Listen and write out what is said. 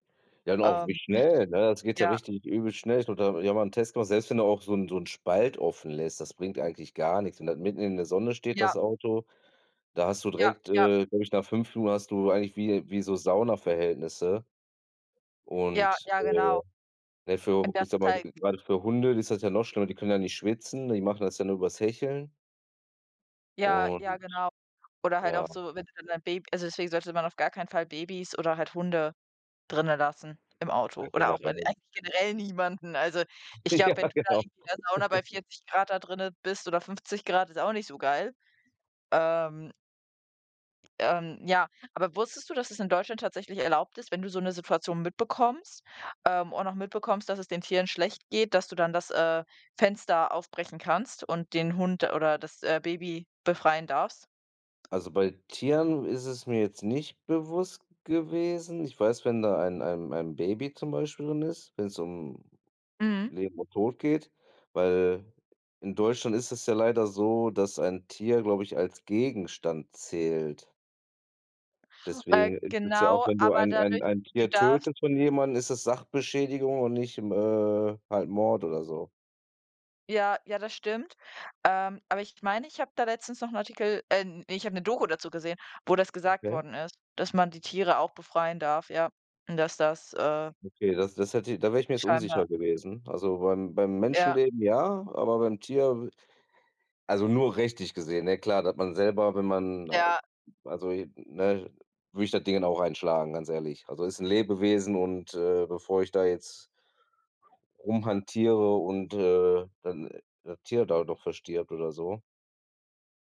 Ja, und auch wie Ähm, schnell, ne? Das geht ja ja. richtig übel schnell., [unintelligible] ich habe mal 'nen Test gemacht, selbst wenn du auch so 'n so 'n Spalt offen lässt, das bringt eigentlich gar nix. Und dann, mitten in der Sonne steht, Ja. das Auto. Da hast du Ja, direkt, ja. äh, glaube ich, nach 5 Minuten hast du eigentlich wie, wie so Saunaverhältnisse Ja, und, ja, äh, genau. naja für h ich sage mal, [unintelligible] gerade für Hunde ist das ja noch schlimmer, die können ja nicht schwitzen, die machen das ja nur übers Hecheln Ja, ja, und genau. Oder halt ja. auch so, wenn du dann dein Baby also deswegen sollte man auf gar keinen Fall Babys oder halt Hunde drinne lassen im Ja, Auto oder auch eig generell. eigentlich generell niemanden. Also ich Ja, glaube, wenn du da genau irgendwie der Sauna bei 40 C da drinnen bist oder 50 C, ist auch nicht so geil. Ähm ähm, ja aber wusstest du, dass es in Deutschland tatsächlich erlaubt ist, wenn du so 'ne Situation mitbekommst ähm, und auch mitbekommst, dass es den Tieren schlecht geht, dass du dann das, äh, Fenster aufbrechen kannst und den Hund oder das, äh, Baby befreien darfst? Also bei Tieren ist es mir jetzt nicht bewusst gewesen. Ich weiß, wenn da ein ein ein Baby zum Beispiel drin ist wenn's um Mhm. Leben und Tod geht weil in Deutschland ist es ja leider so, dass ein Tier, glaube ich, als Gegenstand zählt. Äh, Deswegen ist es ja auch, genau, wenn du aber ein ein dadurch ein du Tier darfst tötest von jemandem, ist es Sachbeschädigung und nicht M äh, halt Mord oder so. Ja, ja, das stimmt. Ähm, aber ich meine, ich habe da letztens noch 'n Artikel ähm, ich habe 'ne Doku dazu gesehen, wo das gesagt Okay. worden ist, dass man die Tiere auch befreien darf, ja. Und dass das, äh Okay, das das hätte da wär ich mir jetzt unsicher Scheinbar. gewesen. Also beim beim Ja. Menschenleben ja, aber beim Tier also nur rechtlich gesehen, ne? Klar, dass man selber, wenn man Ja. also, ne würde ich das Dingen dann auch einschlagen, ganz ehrlich. Also, ist 'n Lebewesen und, äh, bevor ich da jetzt rumhantiere und, äh, dann das Tier da doch verstirbt oder so.